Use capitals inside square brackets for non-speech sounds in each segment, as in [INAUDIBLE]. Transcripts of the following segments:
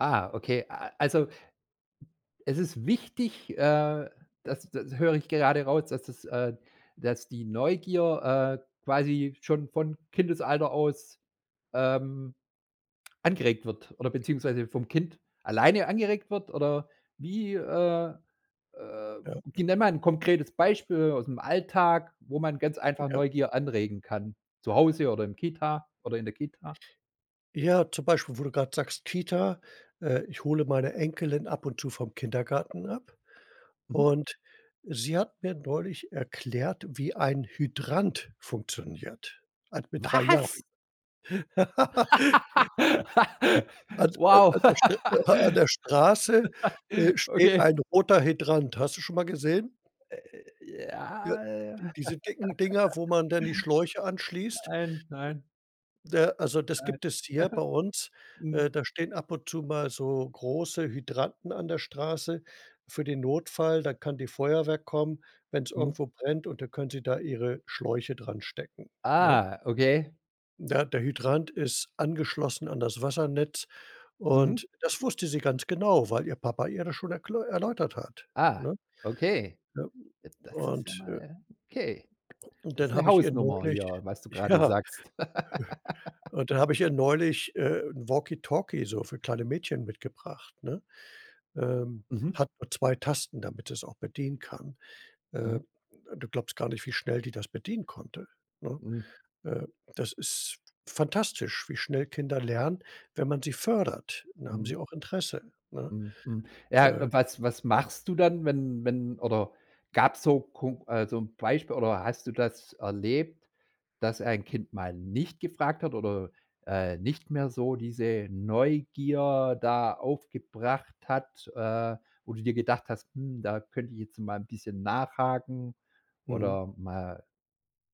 Ah, okay. A also, es ist wichtig, äh, das das höre ich gerade raus, dass das äh, dass die Neugier, äh, quasi schon von Kindesalter aus, ähm, angeregt wird oder beziehungsweise vom Kind alleine angeregt wird? Oder wie, äh äh, Ja. gi nenn mal 'n konkretes Beispiel aus'm Alltag, wo man ganz einfach Ja. Neugier anregen kann zu Hause oder im Kita oder in der Kita? Ja, zum Beispiel, wo du grad sagst, Kita äh, ich hole meine Enkelin ab und zu vom Kindergarten ab, Mhm. und sie hat mir neulich erklärt, wie ein Hydrant funktioniert also mit 3 Jahren. Was? [LAUGHS] [LAUGHS] An an Wow. an der St an [LAUGHS] der Straße, äh, steht Okay. ein roter Hydrant, hast du schon mal gesehen? Äh, Ja, ja? [CHUCKLES] diese dicken Dinger, wo man dann die Schläuche anschließt? Nein, nein. Ne, also Nein. das [CHUCKLES] gibt es hier bei uns. Äh, Mhm. da stehen ab und zu mal so große Hydranten an der Straße für den Notfall. Dann kann die Feuerwehr kommen, wenn's Mhm. irgendwo brennt, und da können sie da ihre Schläuche dranstecken, ne? Ah, okay. Ne, der Hydrant ist angeschlossen an das Wassernetz Mhm. und das wusste sie ganz genau, weil ihr Papa ihr das schon erkl erläutert hat, Ah, ne? okay. Ja, Das ist ja und, äh mal okay. und Das ist dann 'ne habe ich ihr Hausnummer hier, neulich was du gerade ja, sagst. [LAUGHS] hm, und dann habe ich ihr neulich, äh, 'n Walkie-Talkie so für kleine Mädchen mitgebracht, ne? Ähm, Mhm. hat nur 2 Tasten, damit sie es auch bedienen kann äh, Mhm. du glaubst gar nicht, wie schnell die das bedienen konnte, ne? Hm. Äh, das ist fantastisch, wie schnell Kinder lernen, wenn man sie fördert. Dann haben Mhm. sie auch Interesse, ne? Mhm, mhm. Ja, Äh. was was machst du dann, wenn wenn oder gab's so kon also 'n Beispiel oder hast du das erlebt, dass ein Kind mal nicht gefragt hat oder, äh, nicht mehr so diese Neugier da aufgebracht hat, äh, wo du dir gedacht hast: „Hm, da könnte ich jetzt mal 'n bisschen nachhaken”, Mhm. oder mal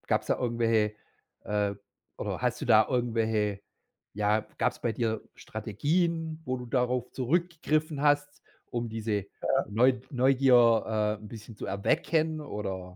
gab's da irgendwelche äh, oder hast du da irgendwelche ja, gab's bei dir Strategien, wo du darauf zurückgegriffen hast, um diese Ja. Neu Neugier, äh, 'n bisschen zu erwecken oder?